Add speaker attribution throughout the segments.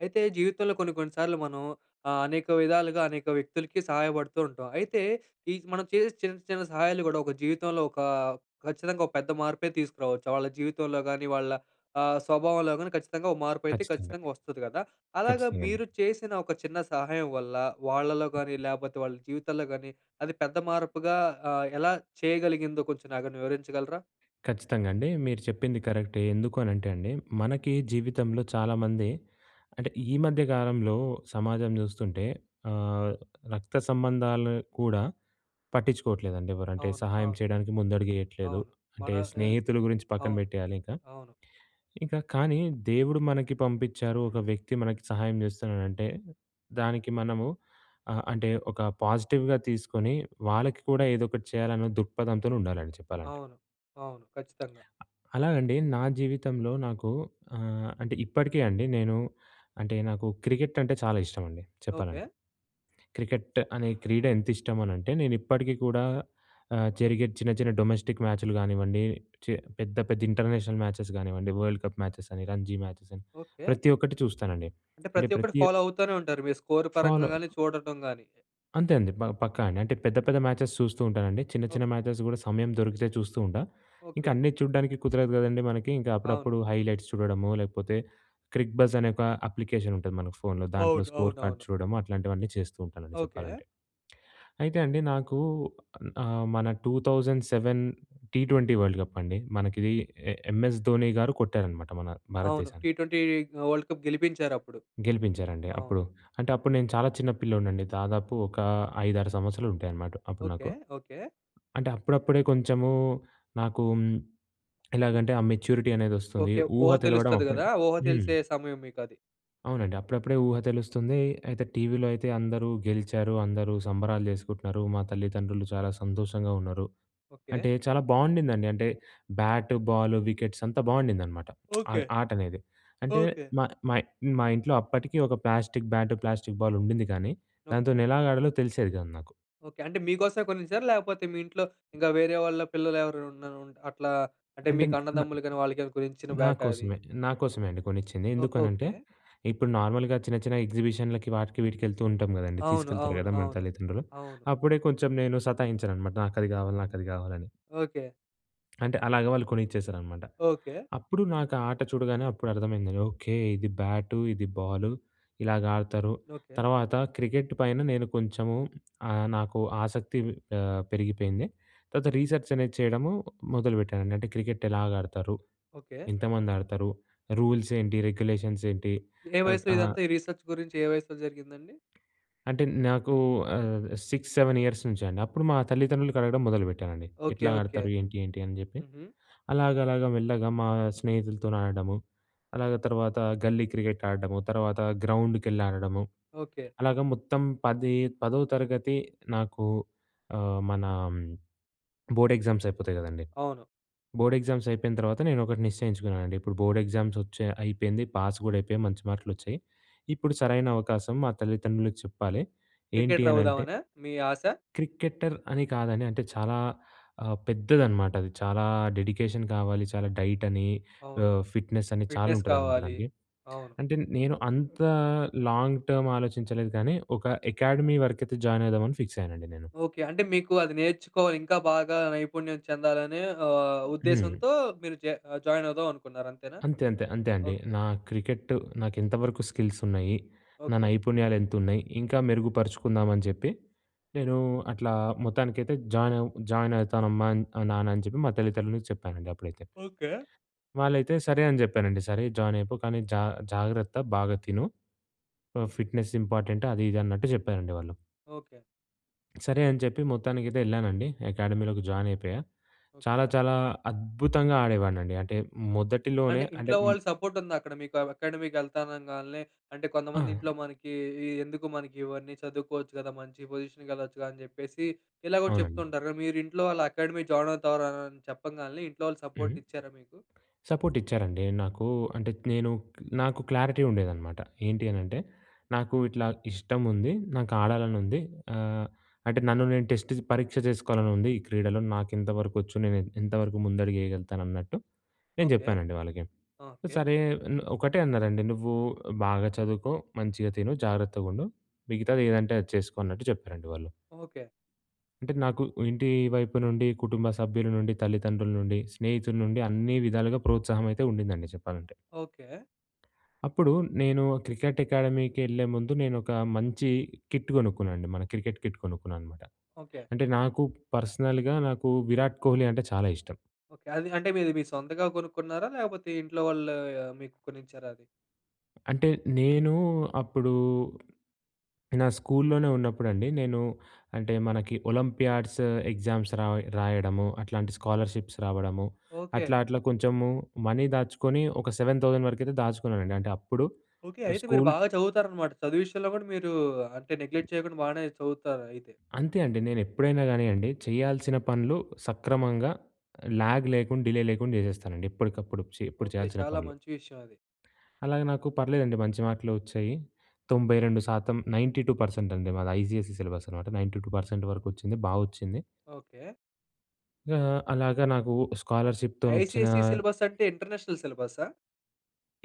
Speaker 1: అయితే జీవితంలో కొన్ని, కొన్ని సార్లు మనం ఆహ్, అనేక విధాలుగా, అనేక వ్యక్తులకి సహాయపడుతూ ఉంటాం. అయితే ఈ మనం చేసే చిన్న, చిన్న సహాయాలు గూడా ఒక జీవితంలో ఒక ఖచ్చితంగా ఒక పెద్ద మార్పే తీసుకురావచ్చు. వాళ్ళ జీవితంలో గానీ, వాళ్ళ ఆహ్, స్వభావంలో గానీ ఖచ్చితంగా ఒక మార్పు అయితే
Speaker 2: ఖచ్చితంగా.
Speaker 1: ఖచ్చితంగా వస్తది గదా! అలాగా
Speaker 2: ఖచ్చితంగా అండి.
Speaker 1: మీరు చేసిన ఒక చిన్న సహాయం వల్ల, వాళ్ళలో గానీ లేకపోతే వాళ్ళ జీవితంలో గానీ, అది పెద్ద మార్పుగా ఆహ్, ఎలా చేయగలిగిందో కొంచెం నాకు వివరించగలరా?
Speaker 2: ఖచ్చితంగా అండి. మీరు చెప్పింది కరెక్టే. ఎందుకు అని అంటే అండి, మనకి జీవితంలో చాలామంది అంటే ఈ మధ్య కాలంలో సమాజం చూస్తుంటే ఆహ్, రక్త సంబంధాలు కూడా పట్టించుకోవట్లేదండి ఎవరు. అంటే
Speaker 1: అవును.
Speaker 2: సహాయం
Speaker 1: అవును.
Speaker 2: చేయడానికి ముందడుగు ఏయట్లేదు.
Speaker 1: అవును. మన
Speaker 2: అంటే
Speaker 1: ఆహ్,
Speaker 2: స్నేహితుల గురించి పక్కన
Speaker 1: అవును.
Speaker 2: పెట్టేయాలి ఇంకా.
Speaker 1: అవును.
Speaker 2: ఇంకా కానీ, దేవుడు మనకి పంపించారు. ఒక వ్యక్తి మనకి సహాయం చేస్తున్నాడు అంటే దానికి మనము ఆహ్, అంటే ఒక పాజిటివ్‌గా తీసుకొని వాళ్ళకి కూడా ఏదో ఒకటి చేయాలన్న దృక్పథంతోనే ఉండాలండి చెప్పాలంటే.
Speaker 1: అవును. అవును. ఖచ్చితంగా.
Speaker 2: అలాగండి. నా జీవితంలో నాకు ఆహ్, అంటే ఇప్పటికే అండి నేను అంటే, నాకు క్రికెట్ అంటే చాలా ఇష్టమండి చెప్పాలంటే.
Speaker 1: ఓకే.
Speaker 2: క్రికెట్ అనే క్రీడ ఎంత ఇష్టం అని అంటే నేను ఇప్పటికీ కూడా ఆహ్, జరిగే చిన్న, చిన్న డొమెస్టిక్ మ్యాచ్‍లు గానివ్వండి చే పెద్ద, పెద్ద ఇంటర్నేషనల్ మ్యాచెస్ గానివ్వండి, వరల్డ్ కప్ మ్యాచెస్ అని రంజీ మ్యాచెస్ అని
Speaker 1: ఓకే.
Speaker 2: ప్రతి ఒక్కటి చూస్తానండి.
Speaker 1: అంటే,
Speaker 2: అంటే
Speaker 1: ప్రతి ఒక్కటి
Speaker 2: ప్రతి
Speaker 1: ఫాలో అవుతానే ఉంటారు. మీరు స్కోర్ పరంగా
Speaker 2: ఫాలో
Speaker 1: గాని చూడటం గాని.
Speaker 2: అంతే అండి. బ పక్కా అండి. అంటే పెద్ద, పెద్ద మ్యాచెస్ చూస్తూ ఉంటానండి. చిన్న,
Speaker 1: ఓహ్!
Speaker 2: చిన్న మ్యాచెస్ కూడా సమయం దొరికితే చూస్తూ ఉంటా. ఇంకా
Speaker 1: ఓకే.
Speaker 2: అన్నీ చూడడానికి కుదరదు కదండీ మనకి. ఇంకా
Speaker 1: అవును.
Speaker 2: అప్పుడప్పుడు హైలైట్స్ చూడడమో, లేకపోతే 'క్రిక్ బస్' అనే ఒక అప్లికేషన్ ఉంటుంది మనకు ఫోన్‌లో. దాంట్లో
Speaker 1: అవును.
Speaker 2: స్కోర్ కార్డ్స్
Speaker 1: అవునవును.
Speaker 2: చూడడం అట్లాంటివన్నీ చేస్తూ ఉంటానండి
Speaker 1: ఓకే.
Speaker 2: చెప్పాలంటే. అయితే అండి నాకు ఆహ్, మన 2007 టీ ట్వంటీ వరల్డ్ కప్ అండి మనకిది ఏ ఎంఎస్ ధోనిగారు కొట్టారనమాట మన
Speaker 1: అవును
Speaker 2: భారతదేశానికి.
Speaker 1: టీ ట్వెంటీ వర్ల్డ్ కప్ గెలిపించారప్పుడు.
Speaker 2: గెలిపించారండి
Speaker 1: అవును.
Speaker 2: అప్పుడు. అంటే అప్పుడు నేను చాలా చిన్న పిల్లోడ్నిండి. దాదాపు ఒక 5, 6 సంవత్సరలు ఉంటాయన్నమాట అప్పుడు
Speaker 1: ఓకే.
Speaker 2: నాకు.
Speaker 1: ఓకే.
Speaker 2: అంటే అప్పుడప్పుడే కొంచెము నాకు హ్మ్. ఎలాగంటే ఆ మెచ్యూరిటీ అనేదొస్తుంది.
Speaker 1: ఓకే. ఊహ
Speaker 2: ఊహ తెలవడం
Speaker 1: తెలుస్తది
Speaker 2: అప్పుడే
Speaker 1: కదా! ఊహ
Speaker 2: హ్మ్.
Speaker 1: తెలిసే సమయం మీకది.
Speaker 2: అవునండి. అప్పుడప్పుడే ఊహ తెలుస్తుంది. అయితే టీవీలో అయితే అందరూ గెలిచారు. అందరూ సంబరాలు చేసుకుంటున్నారు. మా తల్లిదండ్రులు చాలా సంతోషంగా ఉన్నారు.
Speaker 1: ఓకే.
Speaker 2: అంటే చాలా బాగుండదండి. అంటే బ్యాటు, బాలు, వికెట్స్ అంతా బాగుండదనమాట. ఆ
Speaker 1: ఓకే.
Speaker 2: ఆటనేది. అంటే
Speaker 1: ఓకే.
Speaker 2: మా మా‌ మా ఇంట్లో అప్పటికి ఒక ప్లాస్టిక్ బ్యాటు, ప్లాస్టిక్ బాలు ఉండింది కానీ,
Speaker 1: ఓకే.
Speaker 2: దాంతోనెలాగాడాలో తెలిసేది గాదు నాకు.
Speaker 1: ఓకే. అంటే మీకోసమే కొనేసారా? లేకపోతే మీ ఇంట్లో ఇంకా వేరే వాళ్ళ పిల్లలెవరైనా వున‌రు, అట్లా అంటే
Speaker 2: అంటే
Speaker 1: మీకు
Speaker 2: నా నా
Speaker 1: అన్నదమ్ములు కాని వాళ్ళకేమయినా కొనిచ్చిన బ్యాటా ఆది?
Speaker 2: నాకోసమే నాకోసమే అండి కొనిచ్చింది.
Speaker 1: ఓహ్!
Speaker 2: ఎందుకనంటే,
Speaker 1: ఓకే.
Speaker 2: ఇప్పుడు నార్మల్‍గా చిన్న, చిన్న ఎగ్జిబిషన్‍లకి వాటికి వీటికి వెళ్తూ ఉంటాం కదండీ
Speaker 1: అవును,
Speaker 2: తీసుకెళ్తారు
Speaker 1: అవును,
Speaker 2: కదా మన
Speaker 1: అవును.
Speaker 2: తల్లిదండ్రులు.
Speaker 1: అవును.
Speaker 2: అప్పుడే కొంచెం నేను సతాయించాననమాట, "నాకది కావాలి, నాకది కావాలి" అని.
Speaker 1: ఓకే.
Speaker 2: అంటే అలాగా వాళ్ళు కొనిచ్చేసారనమాట.
Speaker 1: ఓకే.
Speaker 2: అప్పుడు నాకు ఆ ఆట చూడగానే అప్పుడు అర్థమైంది. ఓకే. ఇది బ్యాటు, ఇది బాలు ఇలాగ ఆడతారు.
Speaker 1: ఓకే.
Speaker 2: తర్వాత క్రికెట్ పైన నేను కొంచెము ఆహ్, నాకు ఆసక్తి ఆహ్, పెరిగిపోయింది. తర్వాత రీసెర్చ్ అనేది చేయడము మొదలుపెట్టానండి. అంటే క్రికెట్ ఎలాగాడతారు?
Speaker 1: ఓకే.
Speaker 2: ఎంతమంది ఆడతారు? రూల్స్ ఏంటి? రెగ్యులేషన్స్ ఏంటి?
Speaker 1: ఏ
Speaker 2: ఆహ్
Speaker 1: వయసులో
Speaker 2: ఆ!
Speaker 1: ఇదంతా ఈ రిసర్చ్ గురించి, ఏ వయసులో జరిగిందండి?
Speaker 2: అంటే నాకు ఆహ్, 6, 7 ఇయర్స్ నుంచి అండి. అప్పుడు మా తల్లిదండ్రులకి అడగడం మొదలుపెట్టానండి.
Speaker 1: ఓకే.
Speaker 2: ఎట్లా
Speaker 1: ఓకే.
Speaker 2: ఆడతారు? ఏంటి? ఏంటి? అని జేప్పి.
Speaker 1: హుహు.
Speaker 2: అలాగలాగా, మెల్లగా మా స్నేహితులతోని ఆడడము. అలాగా తర్వాత గల్లీ క్రికెట్ ఆడడము. తర్వాత గ్రౌండ్‍కెళ్ళి ఆడడము.
Speaker 1: ఓకే.
Speaker 2: అలాగా మొత్తం పది పదో తరగతి నాకు ఆహ్, మన బోర్డ్ ఎగ్జామ్స్ అయిపోతాయి గదండి.
Speaker 1: అవును.
Speaker 2: బోర్డ్ ఎగ్జామ్స్ అయిపోయిన తర్వాత నేను ఒకటి నిశ్చయించుకున్నానండి. ఇప్పుడు బోర్డ్ ఎగ్జామ్స్ వచ్చాయి అయిపెయింది. పాస్ కూడా అయిపోయాము. మంచి మార్కులు వచ్చాయి. ఇప్పుడు సరైన అవకాశం మా తల్లిదండ్రులకి చెప్పాలి. ఏంటీ
Speaker 1: క్రికెటర్
Speaker 2: అనంటే...
Speaker 1: అవుదామనా మీ ఆస?
Speaker 2: క్రికెటర్ అని కాదని, అంటే చాలా ఆహ్, పెద్దదనమాట అది. చాలా డెడికేషన్ కావాలి. చాలా డైట్ అని,
Speaker 1: అవును
Speaker 2: ఆహ్, ఫిట్‍నెస్ అని చాలా
Speaker 1: ఫిట్‍నెస్
Speaker 2: ఉంటుందనమాట
Speaker 1: కావాలి.
Speaker 2: దానికి.
Speaker 1: అవును.
Speaker 2: అంటే నేను అంతా లాంగ్ టర్మ్ ఆలోచించలేదు కానీ. ఒక అకాడమీ వరకైతే జాయిన్ అవుదామని ఫిక్స్ అయ్యానండి నేను.
Speaker 1: ఓకే. అంటే మీకు అది నేర్చుకో ఇంకా బాగా నైపుణ్యం చెందాలనే ఆహ్,
Speaker 2: హ్మ్.
Speaker 1: ఉద్దేశంతో మీరు జె ఆహ్, జాయిన్ అవుదాం అనుకున్నారు. అంతేనా?
Speaker 2: అంతే అంతే. అంతే అండి.
Speaker 1: ఓకే.
Speaker 2: నా క్రికెట్ నాకు ఎంతవరకు స్కిల్స్ ఉన్నాయి? నా
Speaker 1: ఓకే.
Speaker 2: నైపుణ్యాలు ఎంత ఉన్నాయి? ఇంకా మెరుగుపరుచుకుందామని జెప్పి. నేను అట్లా మొత్తానికైతే జాయిన్ అవ్ జాయిన్ అయితానమ్మా, ఆహ్, నాన్న అని చెప్పి. మా తల్లిదండ్రులకు చెప్పానండి అప్పుడైతే.
Speaker 1: ఓకే.
Speaker 2: వాళ్ళైతే సరే! అని జెప్పానండి. "సరే జాయిన్ అయిపో కానీ, జా జాగ్రత్త బాగా తిను ఆహ్, ఫిట్‍నెస్ ఇంపార్టెంట్" అది ఇది అన్నట్టు జెప్పారండి వాళ్ళు.
Speaker 1: ఓకే.
Speaker 2: సరే అని చెప్పి మొత్తానికైతే వెళ్ళానండి అకాడమీలోకి జాయిన్ అయిపోయా. చాలా
Speaker 1: ఓకె.
Speaker 2: చాలా అద్భుతంగా ఆడేవాడినండి. అంటే మొదటిలోనే
Speaker 1: అంటే
Speaker 2: అంటే
Speaker 1: ఇంట్లో
Speaker 2: మ్
Speaker 1: వాళ్ళు సపోర్ట్ ఉందా అక్కడ మీకు? అకాడమీకెళ్తా అనగాల్నే అంటే కొంతమంది ఇంట్లో
Speaker 2: ఆ!
Speaker 1: మనకి ఇ "ఎందుకు మనకి ఇవన్నీ చదువుకోవచ్చు కదా. మంచి పొజిషన్‌కి వెళ్ళొచ్చుగా" అని చెప్పేసి ఇలాగ
Speaker 2: అవునండి.
Speaker 1: చెప్తుంటారుగా మీరు ఇంట్లో వాళ్ళు అకాడమీ జాయిన్ అవుతారు అని చెప్పగానే ఇంట్లో వాళ్ళు సపోర్ట్
Speaker 2: హ్మ్.
Speaker 1: ఇచ్చారా మీకు?
Speaker 2: సపోర్ట్ ఇచ్చారండి నాకు అంటే నేను నాకు క్లారిటీ ఉండేదనమాట. ఏంటి అని అంటే నాకు ఇట్లా ఇష్టం ఉంది. నాకు ఆడాలని ఉంది. ఆహ్, అంటే నన్ను నేను టెస్ట్ పరీక్ష చేసుకోవాలని ఉంది ఈ క్రీడలో నాకు ఎంతవరకు వచ్చు, నేను ఎంతవరకు ముందడుగు వేయగలుగుతాను అన్నట్టు నేను
Speaker 1: ఓకె.
Speaker 2: చెప్పానండి వాళ్ళకి.
Speaker 1: ఓకె.
Speaker 2: సరే నె ఒకటే అన్నారండి "నువ్వు బాగా చదువుకో మంచిగా తిను జాగ్రత్తగా ఉండు మిగతాది ఏదంటే అది చేసుకో" అన్నట్టు చెప్పారండి వాళ్ళు.
Speaker 1: ఓకె.
Speaker 2: అంటే నాకు ఇంటి వైపు నుండి, కుటుంబ సభ్యుల నుండి, తల్లిదండ్రుల నుండి, స్నేహితుల నుండి అన్ని విధాలుగా ప్రోత్సాహం అయితే ఉండిందండి చెప్పాలంటే.
Speaker 1: ఓకె.
Speaker 2: అప్పుడు నేను క్రికెట్ అకాడమీకి వెళ్ళే ముందు నేను ఒక మంచి కిట్ కొనుక్కున్నానండి మన క్రికెట్ కిట్ కొనుక్కున్నాను అనమాట.
Speaker 1: ఓకె.
Speaker 2: అంటే నాకు పర్సనల్‌గా నాకు విరాట్ కోహ్లీ అంటే చాలా ఇష్టం.
Speaker 1: ఓకె. అది అంటే మీరు మీ సొంతంగా కొనుక్కున్నారా? లేకపోతే ఇంట్లో వాళ్ళు మీకు కొనిచ్చారా అది?
Speaker 2: అంటే నేను అప్పుడు, నా స్కూల్‌లోనే ఉన్నప్పుడండి నేను అంటే మనకి ఒలంపియాడ్స్ ఎగ్జామ్స్ రాయ్ రాయడము, అట్లాంటి స్కాలర్షిప్స్ రావడము.
Speaker 1: ఓకె.
Speaker 2: అట్లా అట్లా కొంచెము మనీ దాచుకొని ఒక 7000 వరకైతే దాచుకున్నానండి అంటే అప్పుడు
Speaker 1: ఓకె. అయితే మీరు
Speaker 2: స్కూల్
Speaker 1: బాగా చదువుతారన్నమాట. చదువు విషయంలో కూడా మీరు అంటే నెగ్లెక్ట్ చేయకుండా బానే చదువుతారు అయితే.
Speaker 2: అంతే అండి. నేను ఎప్పుడైనా గానియండి చేయాల్సిన పనులు సక్రమంగా, ల్యాగ్ లేకుండా డిలే లేకుండా చేసేస్తానండి. ఎప్పటికప్పుడు చే ఎప్పుడు
Speaker 1: ఓకె.
Speaker 2: చేయాల్సిన
Speaker 1: చాలా
Speaker 2: పనులు
Speaker 1: మంచి విషయం అది.
Speaker 2: అలాగ నాకు పర్లేదండి మంచి మార్కులే వచ్చాయి. 92% 92% అండి మాది. ఐసీఎస్ఈ సిలబస్ అనమాట. 92% వరకు వచ్చింది బా వచ్చింది.
Speaker 1: ఓకె.
Speaker 2: ఇగా అలాగా నాకు స్కాలర్‌షిప్‌తోనొచ్చిన
Speaker 1: ఐసీఎస్‌సీ సిలబస్ అంటే ఇంటర్నేషనల్ సిలబస్సా?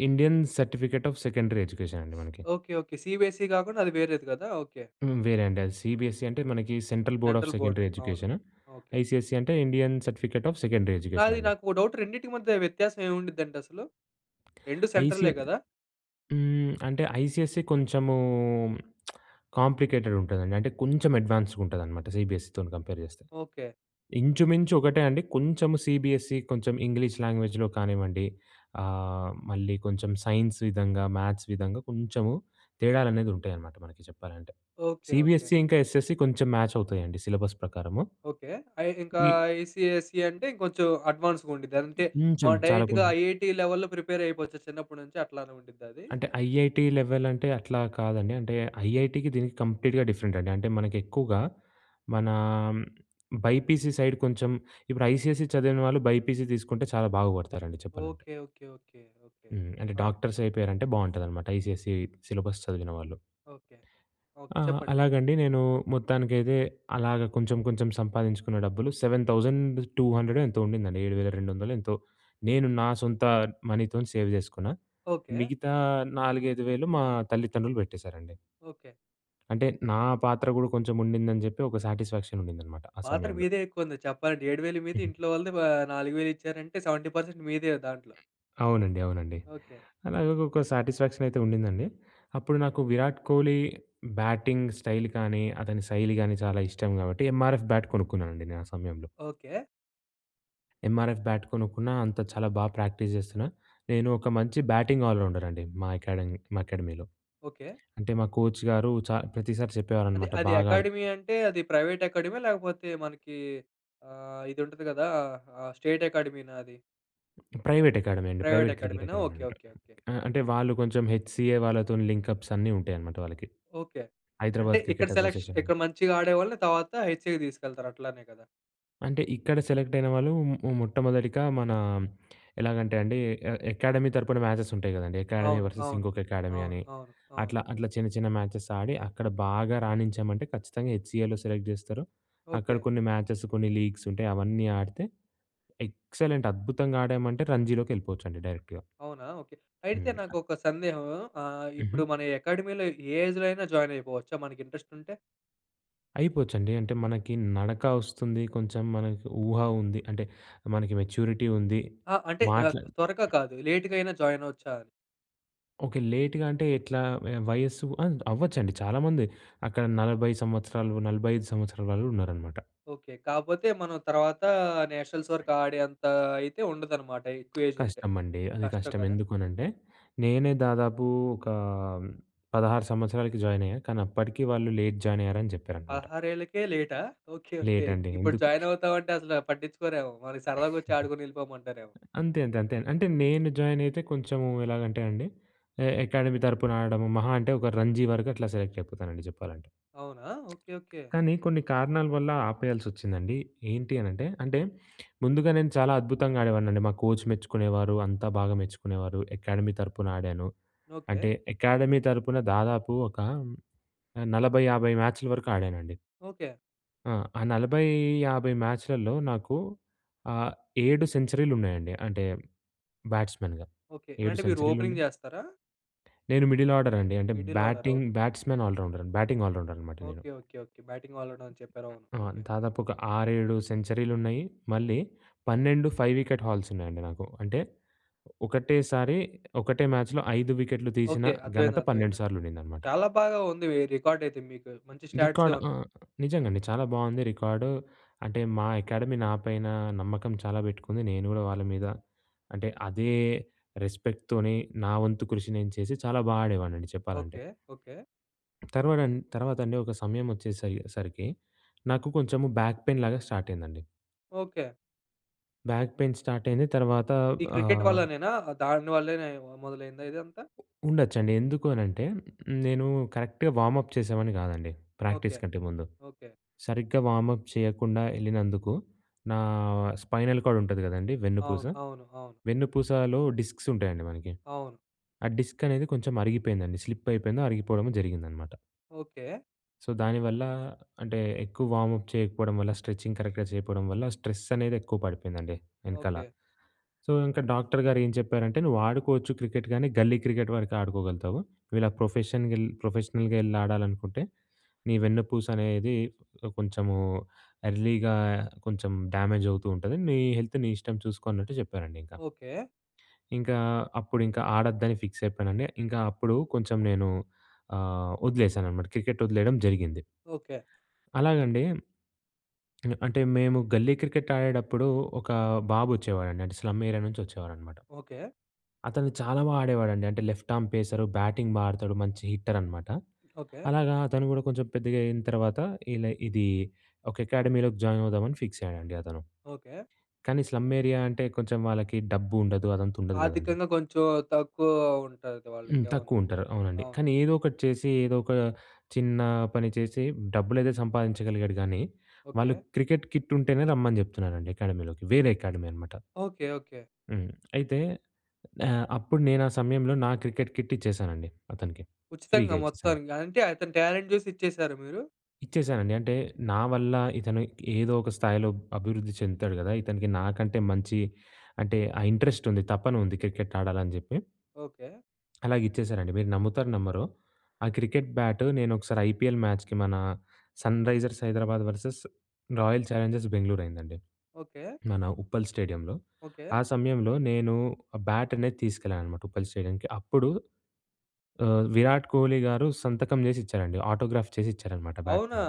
Speaker 2: Indian certificate of secondary education అండి మనకి.
Speaker 1: ఓకె. ఓకె. సీబిఎస్‌సీ గాకుండా అది వేరేది గదా! ఓకె.
Speaker 2: హ్మ్, వేరే అండి అది సీబీఎస్‌సీ అంటే మనకి central board of
Speaker 1: central board.
Speaker 2: Secondary
Speaker 1: అవును
Speaker 2: ఎడ్యుకేషన్.
Speaker 1: ఓకె.
Speaker 2: ఐసీఎస్‌సీ అంటే Indian certificate of secondary education
Speaker 1: నాది
Speaker 2: అండి.
Speaker 1: నాకో డౌట్. రెండిటికి మధ్య వ్యత్యాసం ఏముండిద్దండి అసలు? 2
Speaker 2: ఐసీ
Speaker 1: సెంట్రలే గదా!
Speaker 2: హ్మ్, అంటే ఐసీఎస్‌సీ కొంచెము కాంప్లికేటెడ్ ఉంటదండి. అంటే కొంచెం అడ్వాన్స్‌గా ఉంటుందనమాట, సీబీఎస్‌సీతోని కంపేర్ జేస్తే.
Speaker 1: ఓకె.
Speaker 2: ఇంచుమించు ఒకటే అండి కొంచెం సీబీఎస్‌సీ కొంచెం ఇంగ్లీష్ లాంగ్వేజ్‌లో కానివ్వండి ఆహ్, మళ్ళీ కొంచెం సైన్స్ విధంగా, మ్యాథ్స్ విధంగా కొంచెం తేడాలనేది ఉంటాయన్నమాట మనకి చెప్పాలంటే,
Speaker 1: ఓకె. ఓకె.
Speaker 2: సీబీఎస్‌సీ ఇంకా ఎస్ఎస్‌సీ కొంచెం మాచ్ అవుతాయండి సిలబస్ ప్రకారము.
Speaker 1: ఓకె. ఐ ఇంకా
Speaker 2: ఈ
Speaker 1: ఐసీఎస్‌సీ అంటే ఇంకొంచెం అడ్వాన్స్‌గా ఉండిద్ది. అంటే
Speaker 2: కొంచెం
Speaker 1: మనం
Speaker 2: చాలా కొం
Speaker 1: డైరెక్ట్‌గా ఐఐటీ లెవెల్‌లో ప్రిపేర్ అయిపోవచ్చు. చిన్నప్పటి నుంచి అట్లానే ఉండిద్దా అది?
Speaker 2: అంటే ఐఐటీ లెవెల్ అంటే అట్లా కాదండి. అంటే ఐఐటీకి దీనికి కంప్లీట్‌గా డిఫరెంట్ అండి. అంటే మనకి ఎక్కువగా మన బైపీసీ సైడ్ కొంచెం ఇప్పుడు ఐసీఎస్‌‌సీ చదివిన వాళ్ళు బైపీసీ తీసుకుంటే చాలా బాగుపడతారండి చెప్పాలంటే
Speaker 1: okay. Okay. Okay. Okay. Okay.
Speaker 2: హ్మ్. అంటే
Speaker 1: ఆ!
Speaker 2: డాక్టర్స్ అయిపోయారంటే బావుంటదనమాట. ఐసీఎస్‌సీ సిలబస్ చదివిన వాళ్ళు.
Speaker 1: ఓకే. ఓకే.
Speaker 2: ఆ!
Speaker 1: చెప్పండి.
Speaker 2: అలాగండి నేను మొత్తానికైతే అలాగ కొంచెం కొంచెం సంపాదించుకున్న డబ్బులు 7200 ఎంతో ఉండిందండి.7200 ఎంతో నేను నా సొంత మనీతోని సేవ్ చేసుకున్నా.
Speaker 1: ఓకె.
Speaker 2: మిగతా నాలుగైదు వేలు మా తల్లిదండ్రులు పెట్టేశారండి.
Speaker 1: ఓకె.
Speaker 2: అంటే నా పాత్ర గూడా కొంచెం ఉండిందని చెప్పి, ఒక సాటిస్ఫాక్షన్ ఉండిందన్నమాట ఆ
Speaker 1: పాత్ర
Speaker 2: సమయంలో.
Speaker 1: మీదే ఎక్కువ ఉంది చెప్పాలంటే. 7000 మీదే ఇంట్లో వాళ్ళది ఆహ్, 4000 ఇచ్చారంటే 70% మీదే దాంట్లో.
Speaker 2: అవునండి, అవునండి.
Speaker 1: ఓకె.
Speaker 2: అలాగ ఒక సాటిస్ఫాక్షన్ అయితే ఉండిందండి. అప్పుడు నాకు 'విరాట్ కోహ్లీ' బ్యాటింగ్ స్టైల్ కానీ, అతని శైలి గానీ చాలా ఇష్టం కాబట్టి ఎంఆర్ఎఫ్ బ్యాట్ కొనుక్కున్నానండి నేను ఆ సమయంలో.
Speaker 1: ఓకె.
Speaker 2: ఎమ్ఆర్ఎఫ్ బ్యాట్ కొనుక్కున్నా, అంత చాలా బాగా ప్రాక్టీస్ జేస్తున్నా. నేను ఒక మంచి బ్యాటింగ్ ఆల్ రౌండర్ అండి మా ఎకాడమీ మా ఎకాడమీలో.
Speaker 1: ఓకే.
Speaker 2: అంటే మా కోచ్‌గారు చా ప్రతిసారి
Speaker 1: అది
Speaker 2: చెప్పేవారన్నమాట.
Speaker 1: అది
Speaker 2: బాగా ఆడుత్
Speaker 1: అకాడమీ అంటే అది ప్రైవేట్ అకాడమీయా? లేకపోతే మనకి ఆహ్, ఇది ఉంటది కదా ఆహ్, స్టేట్ అకాడమీనా అది?
Speaker 2: ప్రైవేట్ ఎకాడమీ అండి.
Speaker 1: ప్రైవేట్
Speaker 2: ప్రైవేట్ క్రికెట్
Speaker 1: అకాడమీనా!
Speaker 2: Academy
Speaker 1: okay.
Speaker 2: అంటారు.
Speaker 1: ఓకే. ఓకే.
Speaker 2: ఆ! అంటే వాళ్ళు కొంచెం హెచ్‌సిఏ వాళ్ళతోని లింక్‌అప్స్ అన్నీ ఉంటాయన్నమాట వాళ్ళకి.
Speaker 1: ఓకే.
Speaker 2: హైదరాబాద్
Speaker 1: ఇక్కడ
Speaker 2: క్రికెట్
Speaker 1: సెలెక్ష్
Speaker 2: అసోసియేషన్.
Speaker 1: ఇక్కడ మంచిగా ఆడేవాళ్ళని తర్వాత హెచ్‌సిఏకి తీసుకెళ్తారు. అట్లనే కదా?
Speaker 2: అంటే ఇక్కడ సెలెక్ట్ అయిన వాళ్ళు ఉ మొట్టమొదటిగా మన ఎలాగంటే అండి ఎ ఎకాడమీ తరపున మ్యాచెస్ ఉంటాయి కదండీ. ఎకాడమీ
Speaker 1: అవును,
Speaker 2: వర్సెస్
Speaker 1: అవును,
Speaker 2: ఇంకొక ఎకాడమీ
Speaker 1: అవును,
Speaker 2: అని.
Speaker 1: అవును, అవును.
Speaker 2: అట్లా అట్లా చిన్న చిన్న మ్యాచెస్ ఆడి అక్కడ బాగా రాణించామంటే ఖచ్చితంగా హెచ్‌సిఏలో సెలెక్ట్ చేస్తారు. అక్కడ
Speaker 1: ఓకే.
Speaker 2: కొన్ని మ్యాచెస్, కొన్ని లీగ్స్ ఉంటాయి, అవన్నీ ఆడితే ఎక్సలెంట్ అద్భుతంగా ఆడామంటే రంజీలోకెళ్ళిపోవచ్చండి డైరెక్ట్‌గా.
Speaker 1: అవునా? ఓకే. అయితే
Speaker 2: హ్మ్.
Speaker 1: నాకొక సందేహం. ఆహ్,
Speaker 2: హుహు.
Speaker 1: ఇప్పుడు మన అకాడమీలో ఏ ఏజ్‌లో అయినా జాయిన్ అయిపోవచ్చా మనకి ఇంట్రెస్ట్ ఉంటే?
Speaker 2: అయిపోవచ్చండి. అంటే మనకి నడక వస్తుంది, కొంచెం మనకు ఊహ ఉంది. అంటే మనకి మెచ్యూరిటీ ఉంది.
Speaker 1: ఆ! అంటే ఆహ్,
Speaker 2: మాట్ల
Speaker 1: త్వరగా కాదు లేట్‌గా అయినా జాయిన్ అవ్వొచ్చా అని?
Speaker 2: ఓకే. లేట్‌గా అంటే ఎట్లా? వయస్సు ఆ! అవ్వచ్చండి. చాలామంది అక్కడ 40 సంవత్సరాలు 45 సంవత్సరాల వాళ్ళూ ఉన్నారనమాట.
Speaker 1: ఓకే. కాకపోతే మనం తర్వాతా నేషనల్స్ వరకు ఆడే అంత అయితే ఉండదు అనమాట. ఎక్కువ ఏజ్ ఉంటే.
Speaker 2: కష్టమండి. అది
Speaker 1: కష్టం
Speaker 2: కష్టం
Speaker 1: గదా!
Speaker 2: ఎందుకు అనంటే, నేనే దాదాపు ఒక 16 సంవత్సరాలకి జాయిన్ అయ్యా. కానీ అప్పటికి వాళ్ళు లేట్ జాయిన్ అయ్యారని జెప్పారనమాట.
Speaker 1: పదహారేళ్లకే లేటా? ఓకే. ఓకే.
Speaker 2: లేట్ అండి.
Speaker 1: ఇప్పుడు
Speaker 2: అందుకు.
Speaker 1: జాయిన్ అవుతాం అంటే అసలు పట్టించుకోరేమో. సరదాగా వచ్చి ఆడుకొని ఎళ్ళిపోమంటారేమో.
Speaker 2: అంతే. అంతే. అంతే. అంటే నేను జాయిన్ అయితే కొంచెం ఎలాగంటే అండి ఆహ్, అకాడమీ తరపున ఆడడం మహా అంటే ఒక రంజీ వరకు అట్లా సెలెక్ట్ అయిపోతానండి చెప్పాలంటే.
Speaker 1: అవునా! ఓకే. ఓకే.
Speaker 2: కానీ కొన్ని కారణాల వల్ల ఆపేయాల్సోచ్సిందండి. ఏంటి అని అంటే, అంటే ముందుగా నేను చాలా అద్భుతంగా ఆడేవాడినండి. మా కోచ్ మెచ్చుకునేవారు. అంతా బాగా మెచ్చుకునేవారు. అకాడమీ తరపున ఆడాను.
Speaker 1: ఓకే.
Speaker 2: అంటే అకాడమీ తరపున దాదాపు ఒక 40, 50 మ్యాచ్ల వరకు ఆడానండి.
Speaker 1: ఓకే.
Speaker 2: ఆ! ఆ 40, 50 మ్యాచ్‍లల్లో నాకు ఆహ్, 7 సెంచరీలున్నాయండి. అంటే బ్యాట్స్‌మెన్‌గా.
Speaker 1: ఓకే.
Speaker 2: 7
Speaker 1: అంటే మీరు ఓపెనింగ్
Speaker 2: సెంచరీలున్నాయి.
Speaker 1: జేస్తారా?
Speaker 2: నేను మిడిల్ ఆర్డర్ అండి. అంటే
Speaker 1: middle order.
Speaker 2: Batting, batsmen‌, all rounder. Batting all rounder అనమాట నేను.
Speaker 1: Okay. Okay. Okay. Batting all round అని చెప్పారు. అవును.
Speaker 2: ఆ!
Speaker 1: ఓకె.
Speaker 2: దాదాపు ఒక ఆరేడు సెంచరీలు ఉన్నాయి. మళ్ళీ 12 5 వికెట్ హాల్స్ ఉన్నాయండి నాకు. అంటే ఒకటేసారి ఒకటే మ్యాచ్‍లో 5 వికెట్లు తీసిన
Speaker 1: ఓకే.
Speaker 2: ఘనత
Speaker 1: అర్థమైంది.
Speaker 2: 12
Speaker 1: అర్థమైంది.
Speaker 2: సార్లు ఉండిందనమాట.
Speaker 1: చాలా బాగా ఉంది ఈ రికార్డ్ అయితే మీకు. మంచి స్టాట్సే
Speaker 2: రికార్డ్
Speaker 1: ఉన్నాయి.
Speaker 2: ఆహ్, నిజంగా అండి. చాలా బావుంది రికార్డు అంటే మా అకాడమీ నాపైన నమ్మకం చాలా పెట్టుకుంది. నేను గూడా వాళ్ళ మీద అంటే అదే రెస్పెక్ట్‌తోనే నా వంతు కృషి నేను చేసి చాలా బా ఆడేవాడినండి చెప్పాలంటే.
Speaker 1: ఓకే. ఓకే.
Speaker 2: తర్వాడం తర్వాతండి ఒక సమయం వచ్చే సయ్ సరికి నాకు కొంచెం బ్యాక్‌పెయిన్‌లాగా స్టార్ట్ అయిందండి.
Speaker 1: ఓకే.
Speaker 2: బ్యాక్ పెయిన్ స్టార్ట్ అయింది. తర్వాత
Speaker 1: ఈ క్రికెట్
Speaker 2: ఆహ్
Speaker 1: వల్లనేనా, దాని వల్లనే మొదలయిందా ఇదంతా.
Speaker 2: ఉండొచ్చండి. ఎందుకు అనంటే, నేను కరెక్ట్‌గా వార్మ్‌అప్ చేసేవాడిని గాదండి. Practice
Speaker 1: okay.
Speaker 2: కంటే ముందు.
Speaker 1: ఓకే.
Speaker 2: సరిగ్గా వార్మ్‌అప్ చేయకుండా యెళ్ళినందుకు నా స్పైనల్‌కార్డ్ ఉంటది గదండీ! వెన్నుపూస.
Speaker 1: అవును. అవును. అవును.
Speaker 2: వెన్నుపూసలో డిస్క్స్ ఉంటాయండి మనకి.
Speaker 1: అవును.
Speaker 2: ఆ డిస్క్ అనేది కొంచెం అరిగిపోయిందండి. స్లిప్ అయిపోయిందో, అరిగిపోవడమో జరిగిందనమాట.
Speaker 1: ఓకే.
Speaker 2: సో, దానివల్ల అంటే ఎక్కువ వార్మ్‌అప్ చేయకపోవడం వల్ల, స్ట్రెచింగ్ కరెక్ట్‌గా చేయకపోవడం వల్ల స్ట్రెస్ అనేది ఎక్కువ పడిపోయిందండి యెనకాల.
Speaker 1: ఓకే.
Speaker 2: సో, ఇంక డాక్టర్ గారు ఏం చెప్పారంటే నువ్వు "ఆడుకోవచ్చు క్రికెట్ గానీ గల్లీ క్రికెట్ వరకు ఆడుకోగలుగుతావు. నువు ఇలా ప్రొఫెషన్‌గెల్ ప్రొఫెషనల్‌గా యెళ్లి ఆడాలనుకుంటే నీ వెన్నుపూస అనేది కొంచెము ఎర్లీగా కొంచెం డ్యామేజ్ అవుతూ ఉంటది. నీ హెల్త్ నీ ఇష్టం చూసుకో" అన్నట్టు జెప్పారండి ఇంక...
Speaker 1: ఓకే.
Speaker 2: ఇంకా అప్పుడు ఇంకా ఆడొద్దని ఫిక్స్ అయిపోయానండి. ఇంకా అప్పుడు కొంచెం నేను ఆహ్, వదిలేశాననమాట క్రికెట్ వదిలేయడం జరిగింది.
Speaker 1: ఓకే.
Speaker 2: అలాగండి. అంటే మేము గల్లీ క్రికెట్ ఆడేడప్పుడు, ఒక బాబు వచ్చేవాడండి అంటే స్లమ్ ఏరియా నుంచి వచ్చేవారనమాట.
Speaker 1: ఓకే.
Speaker 2: అతను చాలా బాగా ఆడేవాడండి అంటే, లెఫ్ట్ ఆర్మ్ పేసర్, బ్యాటింగ్ బాగా ఆడుతాడు మంచి హిట్టర్ అనమాట.
Speaker 1: ఓకే.
Speaker 2: అలాగా అతను గూడా కొంచెం పెద్దగా అయిన తర్వాత, ఇలా ఇది ఒక అకాడమీలోకి జాయిన్ అవుదామని ఫిక్స్ అయ్యాడండి అతను.
Speaker 1: ఓకే.
Speaker 2: కానీ స్లమ్ ఏరియా అంటే కొంచెం వాళ్ళకి డబ్బు ఉండదు. అదంతా ఉండదు గదండీ.
Speaker 1: ఆర్థికంగా కొంచెం తక్కువ ఉంటది
Speaker 2: హ్మ్.
Speaker 1: వాళ్ళకి. అవును.
Speaker 2: తక్కువ ఉంటారు. అవునండి.
Speaker 1: అవును.
Speaker 2: కానీ ఏదో ఒకటి చేసి, ఏదో ఒక చిన్న పని చేసి, డబ్బులైతే సంపాదించగలిగాడు గానీ, వాళ్ళు
Speaker 1: ఓకే.
Speaker 2: క్రికెట్ కిట్ ఉంటేనే రమ్మని జెప్తున్నారండి అకాడమీలోకి వేరే అకాడమీ అనమాట.
Speaker 1: ఓకే. ఓకే.
Speaker 2: హ్మ్. అయితే ఆహ్, అప్పుడు నేను ఆ సమయంలో నా క్రికెట్ కిట్ ఇచ్చేసానండి అతనికి. ఫ్రీగా
Speaker 1: ఉచితంగా
Speaker 2: ఇచ్చేసాను.
Speaker 1: మొత్తానికి. అంటే, అతని టాలెంట్ చూసి ఇచ్చేసారా మీరు?
Speaker 2: ఇచ్చేశానండి. అంటే నా వల్ల ఇతను ఏదో ఒక స్థాయిలో అభివృద్ధి చెందుతాడు గదా! ఇతనికి నాకంటే మంచి అంటే ఆ ఇంట్రెస్ట్ ఉంది. తపన ఉంది క్రికెట్ ఆడాలని జెప్పి.
Speaker 1: ఓకే.
Speaker 2: అలాగిచ్చేసానండి. మీరు నమ్ముతారో నమ్మరో ఆ క్రికెట్ బ్యాట్ నేను ఒకసారి ఐపీఎల్ మ్యాచ్‍‌కి మనా Sunrisers Hyderabad versus Royal Challengers Bengaluru అయిందండి.
Speaker 1: ఓకే.
Speaker 2: మన ఉప్పల్ స్టేడియంలో
Speaker 1: ఓకే.
Speaker 2: ఆ సమయంలో నేను ఆ బ్యాట్ అనేది తీసుకెళ్ళాను అనమాట ఉప్పల్ స్టేడియంకి అప్పుడు ఆహ్, విరాట్ కోహ్లీ గారు సంతకం చేసి ఇచ్చారండి ఆటోగ్రాఫ్ చేసి ఇచ్చారన్నమాట బ్యాట్
Speaker 1: అవునా!
Speaker 2: మీద.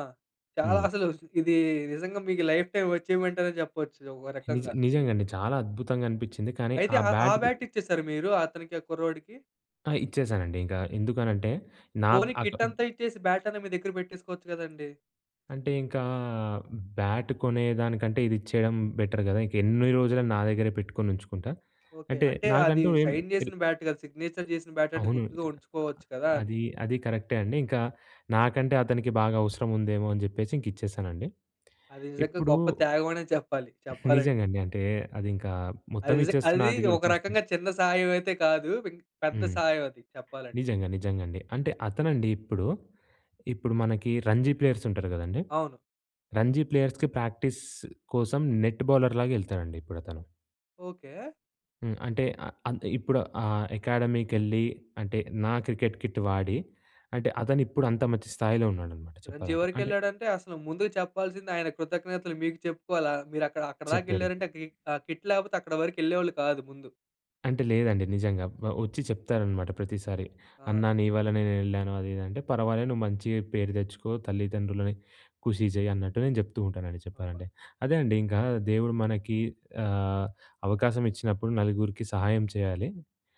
Speaker 1: చాలా
Speaker 2: హ్మ్.
Speaker 1: అసలు ఇది నిజంగా మీకు లైఫ్‌టైం అచీవ్మెంట్ అనే చెప్పొచ్చు. ఒక
Speaker 2: నిజ
Speaker 1: రకంగా.
Speaker 2: నిజంగా అండి. చాలా అద్భుతంగా అనిపిచింది. కానీ
Speaker 1: అయితే
Speaker 2: ఆ
Speaker 1: ఆ ఆ
Speaker 2: బ్యాట్
Speaker 1: బ్యాట్ ఇచ్చేసారా మీరు? అతనికి ఆ కుర్రోడికి.
Speaker 2: ఆ! ఇచ్చేశానండి ఇంగ ఎందుకనంటే నా
Speaker 1: పోనీ
Speaker 2: అక్
Speaker 1: కిట్ అంతా ఇచ్చేసి బ్యాట్ అన్నా మీ దగ్గర పెట్టేసుకోవచ్చు గదండీ.
Speaker 2: అంటే ఇంకా బ్యాట్ కొనేదానికంటే ఇది ఇచ్చేయడం బెటర్ గదా! ఇంక ఎన్ని రోజులని నా దగ్గరే పెట్టుకొని ఉంచుకుంటా?
Speaker 1: ఓకే.
Speaker 2: అంటే
Speaker 1: అంటే అది
Speaker 2: నాకంటూ ఎమ్
Speaker 1: సైన్ జేసిన బ్యాట్ గదా! సిగ్నేచర్ జేసిన బ్యాట్ అంటే
Speaker 2: అవును.
Speaker 1: గుర్తుగా ఉంచుకోవచ్చు గదా! అని.
Speaker 2: అది అది కరెక్టే అండి. ఇంకా నాకంటే అతనికి బాగా అవసరం ఉందేమో అని జెప్పేసి ఇంక ఇచ్చేసానండి.
Speaker 1: అది నిజంగా
Speaker 2: ఇప్పుడూ
Speaker 1: గొప్ప త్యాగం అనే చెప్పాలి. చెప్పాలంటే.
Speaker 2: నిజంగండి. అంటే అది ఇంకా
Speaker 1: అది
Speaker 2: మొత్తం
Speaker 1: నిజ
Speaker 2: ఇచ్చేస్తున్న
Speaker 1: అది
Speaker 2: అది గూడ
Speaker 1: ఒక
Speaker 2: ఇచ్చేస్తే
Speaker 1: రకంగా చిన్న సాహాయం అయితే కాదు. పెద్ద
Speaker 2: హ్మ్.
Speaker 1: సాహాయం అది చెప్పాలంటే.
Speaker 2: నిజంగా నిజంగా అండి. అంటే అతనండి ఇప్పుడు ఇప్పుడు మనకి రంజీ ప్లేయర్స్ ఉంటారు గదండీ.
Speaker 1: అవును.
Speaker 2: రంజీ ప్లేయర్స్‌కి ప్రాక్టీస్ కోసం నెట్ బౌలర్‌లాగా యెళ్తాడండి ఇప్పుడతను.
Speaker 1: ఓకే.
Speaker 2: హ్మ్. అంటే ఆ ఇప్పుడు ఆ అకాడమీకెళ్ళి అంటే నా క్రికెట్ కిట్ వాడి అంటే అతను ఇప్పుడు అంత మంచి స్థాయిలో ఉన్నాడనమాట
Speaker 1: రంజీ
Speaker 2: చెప్పాలంటే
Speaker 1: వరకు
Speaker 2: అంటే
Speaker 1: వెళ్ళాడంటే అసలు ముందుకు చెప్పాల్సింది ఆయనకి కృతజ్ఞతలు మీకు చెప్పుకోవాలి. మీరు మీరక్కడి దాక
Speaker 2: చెప్పారు.
Speaker 1: వెళ్లారంటే ఆ కిట్ లేకపోతే అక్కడ వరకెళ్ళేవాళ్ళు కాదు ముందు.
Speaker 2: అంటే లేదండి నిజంగా. వచ్చి చెప్తారనమాట ప్రతిసారి,
Speaker 1: ఆ!
Speaker 2: "అన్నా నీ వల్లనే నేనెళ్ళాను అది ఇది అంటే" పర్వాలేదు నువ్వు మంచిగ పేరు తెచ్చుకో. తల్లిదండ్రులని ఖుషీ చేయ్యి అన్నట్టు నేను చెప్తూ ఉంటానండి
Speaker 1: అబ్బా!
Speaker 2: చెప్పాలంటే. అదే అండి ఇంకా దేవుడు మనకి ఆహ్, అవకాశం ఇచ్చినప్పుడు నలుగురికి సహాయం చేయాలి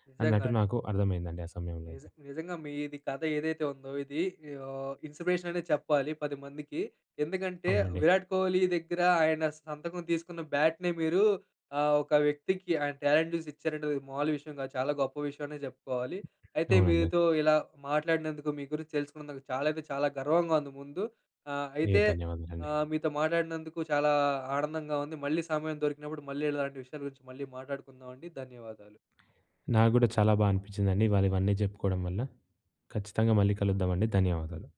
Speaker 1: నిజంగా
Speaker 2: అన్నట్టు
Speaker 1: అండి.
Speaker 2: నాకర్థమైందండి ఆ సమయంలో అయితే.
Speaker 1: నిజం నిజంగా మీది కథ ఏదైతే ఉందో ఇది ఓహ్, ఇన్‌స్పిరేషన్ అనే చెప్పాలి పదిమందికి. ఎందుకంటే
Speaker 2: అవునండి.
Speaker 1: విరాట్ కోహ్లీ దగ్గర ఆయన సంతకం తీసుకున్న బ్యాట్‌ని మీరూ ఆహ్, ఒక వ్యక్తికి ఆయన టాలెంట్ చూసి ఇచ్చారంటే మామూలు విషయం కాదు. చాలా గొప్ప విషయమనే చెప్పుకోవాలి. అయితే
Speaker 2: అవునండి.
Speaker 1: మీతో ఇలా మాట్లాడినందుకు మీ గురించి తెలుసుకున్నందుకు చాలా అంటే చాలా గర్వంగా ఉంది ముందు. ఆహ్,
Speaker 2: అయ్యో!
Speaker 1: అయితే
Speaker 2: ధన్యవాదాలండి.
Speaker 1: మీతో మాట్లాడినందుకు, చాలా ఆనందంగా ఉంది. మళ్ళీ సమయం దొరికినప్పుడు మళ్ళీ ఇలాంటి విషయాల గురించి మళ్ళీ మాట్లాడుకుందామండి. ధన్యవాదాలు.
Speaker 2: నాకు గూడా చాలా బాగా అనిపించిందండి. ఇవాళ ఇవన్నీ చెప్పుకోవడం వల్ల. ఖచ్చితంగా మళ్ళీ కలుద్దామండి. ధన్యవాదాలు.